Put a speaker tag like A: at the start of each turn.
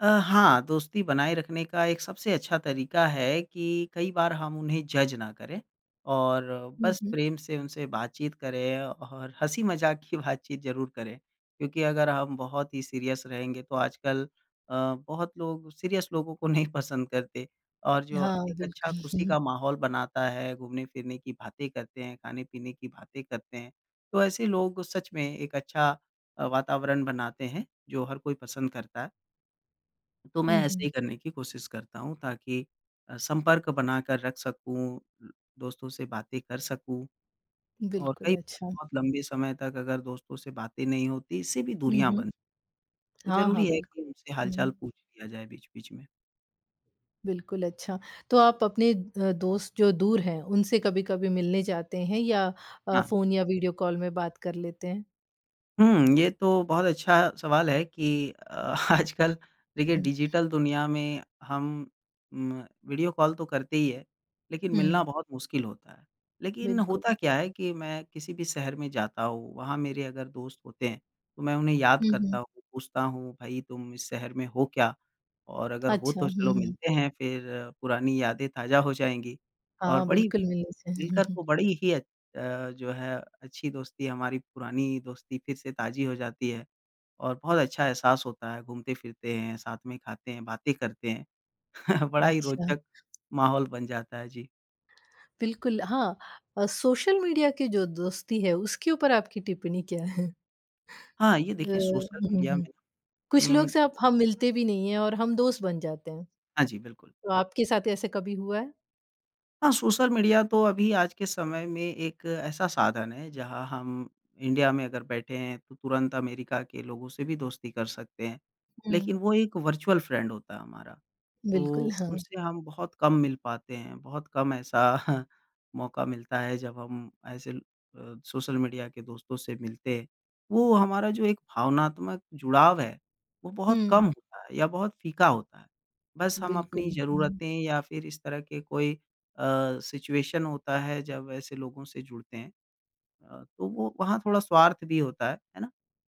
A: अ, हाँ। दोस्ती बनाए रखने का एक सबसे अच्छा तरीक़ा है कि कई बार हम उन्हें जज़ ना करें, और
B: हुँ,
A: बस
B: हुँ।
A: प्रेम से उनसे बातचीत करें और हँसी-मज़ाक की बातचीत ज़रूर करें। क्योंकि अगर हम बहुत ही सीरियस रहेंगे तो आजकल अ, बहुत लोग सीरियस लोगों को नहीं पसंद करते। और जो
B: हाँ,
A: एक अच्छा
B: बिल्कुल।
A: ख़ुशी का माहौल बनाता है, घूमने-फिरने की बातें करते हैं, खाने-पीने की बातें करते हैं, तो ऐसे लोगों को सच में एक अच्छा अ, वातावरण बनाते हैं जो हर कोई पसंद करता है। तो मैं
B: हुँ,
A: ऐसे
B: हुँ।
A: ही करने की कोशिश करता हूँ ताकि अ, संपर्क बनाकर रख सकूँ, दोस्तों से बातें कर सकूँ। और
B: बिल्कुल।
A: कई बार
B: अच्छा।
A: बहुत लंबे समय तक अगर दोस्तों से बातें नहीं होती, इससे भी
B: हुँ,
A: दूरियाँ
B: हुँ।
A: बन तो
B: हाँ,
A: ज़रूरी
B: हाँ,
A: है कि
B: बिल्कुल।
A: उनसे हाल-चाल
B: हुँ।
A: पूछ लिया जाए बीच-बीच में।
B: बिल्कुल, अच्छा। तो आप अपने अ, दोस्त जो दूर हैं उनसे कभी-कभी मिलने जाते हैं या अ,
A: हाँ।
B: फ़ोन या वीडियो कॉल में बात कर लेते हैं?
A: हुँ। ये तो बहुत अच्छा सवाल है कि अ, आजकल देखिए
B: हुँ।
A: डिजिटल दुनिया में हम म वीडियो कॉल तो करते ही हैं, लेकिन मिलना
B: हुँ।
A: बहुत मुश्किल होता है। लेकिन होता
B: बिल्कुल।
A: क्या है कि मैं किसी भी शहर में जाता हूँ, वहाँ मेरे अगर दोस्त होते हैं, तो मैं उन्हें याद
B: हुँ,
A: करता
B: हुँ।
A: हूँ, पूछता हूँ, "भई तुम इस शहर में हो क्या? और अगर हो
B: अच्छा।
A: तो
B: हुँ,
A: चलो
B: हुँ।
A: मिलते हैं, फ़िर पुरानी यादें ताज़ा हो जाएँगी।", और
B: हाँ,
A: बड़ी
B: बिल्कुल, मिलने से।
A: मिलकर तो बड़ी ही अत अ, जो है अच्छी दोस्ती हमारी पुरानी दोस्ती फ़िर से ताज़ी हो जाती है। और बहुत अच्छा एहसास होता है घूमते-फिरते हैं, साथ में खाते हैं, बातें करते हैं। बड़ा ही
B: अच्छा।
A: रोचक माहौल बन जाता है। जी।
B: बिल्कुल। हाँ, अ, सोशल मीडिया के जो दोस्ती है उसके ऊपर आपकी टिप्पणी क्या है?
A: हाँ, ये
B: व
A: देखिए सोशल
B: हुँ,
A: मीडिया
B: हुँ।
A: में
B: कुछ लोग
A: उ
B: से अप हम मिलते भी नहीं है और हम दोस्त बन जाते हैं।
A: हाँ, जी। बिल्कुल।
B: तो आपके साथ ऐसा कभी हुआ है?
A: हाँ, सोशल मीडिया तो अभी आज के समय में एक ऐसा साधन है जहाँ हम इंडिया में अगर बैठे हैं तो तुरंत अमेरिका के लोगों से भी दोस्ती कर सकते हैं। लेकिन
B: हुँ।
A: वो एक वर्चुअल फ्रेंड होता है हमारा,
B: बिल्कुल।
A: तो
B: हाँ।
A: उनसे हम बहुत कम मिल पाते हैं, बहुत कम ऐसा मौक़ा मिलता है जब हम ऐसे ल अ, सोशल मीडिया के दोस्तों से मिलते हैं। वो हमारा जो एक भावनात्मक जुड़ाव है, वो बहुत कम
B: हुँ।
A: होता है या बहुत फ़ीका होता है। बस हम अपनी
B: बिल्कुल। हुँ।
A: ज़रूरतें या फ़िर इस तरह के कोई अ, सिचुएशन होता है जब ऐसे लोगों से जुड़ते हैं। अ, तो वो वहाँ थोड़ा स्वार्थ भी होता है, है ना?